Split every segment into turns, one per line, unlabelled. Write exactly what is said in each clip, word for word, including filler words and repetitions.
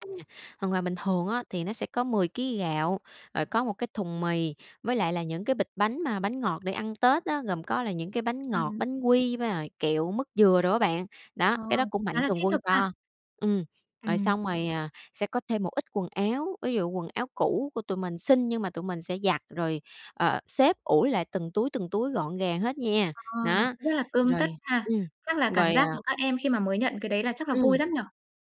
À, thường là bình thường á, thì nó sẽ có mười ký gạo, rồi có một cái thùng mì, với lại là những cái bịch bánh mà bánh ngọt để ăn Tết á, gồm có là những cái bánh ngọt,
[unintelligible]
bánh quy với lại kẹo, mứt dừa đồ á bạn. Đó,
Ờ.
cái đó của mạnh
Khá là
thường
thiết
quân
thực ha.
cho. Ừm. Rồi
Ừm.
xong rồi, à, sẽ có thêm một ít quần áo, ví dụ quần áo cũ của tụi mình xin, nhưng mà tụi mình sẽ giặt rồi, ờ, xếp ủi lại từng túi, từng túi gọn gàng hết nha.
Ờ, nó
Nó.
rất là tươm tất
Rồi.
ha.
Ừm.
Chắc là cảm
Rồi,
giác
à
của các em khi mà mới nhận cái đấy là chắc là vui
Ừm.
lắm nhỉ?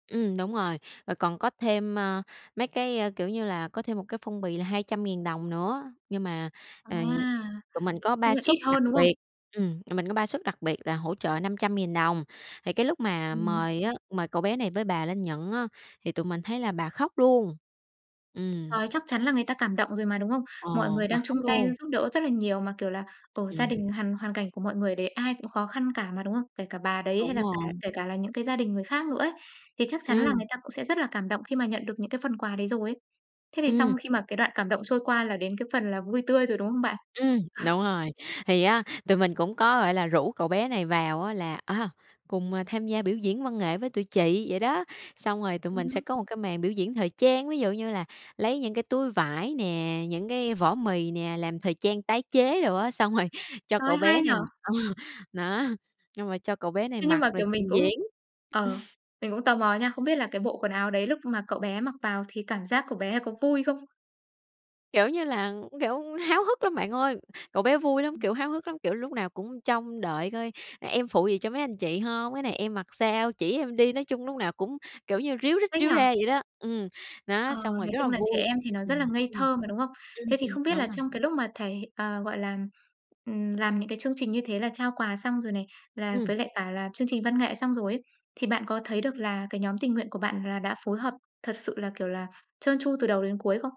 Ừm, đúng rồi. Rồi còn có thêm, a, mấy cái, a, kiểu như là, có thêm một cái phong bì là hai trăm ngàn đồng nữa. Nhưng mà,
À,
ờ, tụi mình có
chung
ba
là
suất
ít
đặc
hơn, đúng không?
biệt, ừm, tụi mình có ba suất đặc biệt là hỗ trợ năm trăm nghìn đồng. Thì cái lúc mà
Ừm.
mời á, mời cậu bé này với bà lên nhận á, thì tụi mình thấy là bà khóc luôn. Ừm.
Trời, chắc chắn là người ta cảm động rồi mà, đúng không?
Ờ,
Mọi người
bà
đang chung
khóc
tay
luôn.
giúp đỡ rất là nhiều mà, kiểu là, ờ, gia
Ừm.
đình hằn hoàn cảnh của mọi người đấy ai cũng khó khăn cả mà, đúng không? Kể cả bà đấy hay
Đúng
là cả
rồi.
kể cả là những cái gia đình người khác nữa ấy. Thì chắc chắn là
Ừm.
người ta cũng sẽ rất là cảm động khi mà nhận được những cái phần quà đấy rồi ấy. Thế thì xong
Ừm.
khi mà cái đoạn cảm động trôi qua, là đến cái phần là vui tươi rồi, đúng không bạn?
Ừm, đúng rồi. Thì á, tụi mình cũng có, gọi là, rủ cậu bé này vào á là, a, cùng, à, tham gia biểu diễn văn nghệ với tụi chị vậy đó. Xong rồi tụi
Ừm
mình sẽ
hứm.
có một cái màn biểu diễn thời trang, ví dụ như là lấy những cái túi vải nè, những cái vỏ mì nè, làm thời trang tái chế đồ á. Xong rồi cho
Trời ơi,
cậu
hay
bé
nhỉ!
này ờ, nó, nhưng mà cho cậu bé này
Thế nhưng
mặc
mà,
rồi
kiểu, mình
trình
cũng
diễn.
ờ, mình cũng tò mò nha, không biết là cái bộ quần áo đấy lúc mà cậu bé mặc vào thì cảm giác của bé có vui không?
Kiểu như là, kiểu, háo hức lắm bạn ơi, cậu bé vui lắm,
Ừm.
kiểu, háo hức lắm, kiểu, lúc nào cũng trông đợi coi: "Em phụ gì cho mấy anh chị hông? Cái này em mặc sao? Chỉ em đi." Nói chung lúc nào cũng, kiểu như, ríu rít
Thích
ríu
nhỉ?
ra vậy đó. Ừm.
Ờ,
Nó, xong rồi
nói
rất là
chung là trẻ
vui.
em thì nó
Ừm,
rất là ngây
ừm.
thơ mà, đúng không?
Ừm,
Thế thì
ừm,
không biết là
đúng rồi.
trong cái lúc mà thầy, ờ, gọi làm, ừm, làm những cái chương trình như thế là trao quà xong rồi này, là với
Ừm.
lại cả là chương trình văn nghệ xong rồi ấy, thì bạn có thấy được là cái nhóm tình nguyện của bạn là đã phối hợp thật sự là, kiểu là, trơn tru từ đầu đến cuối không?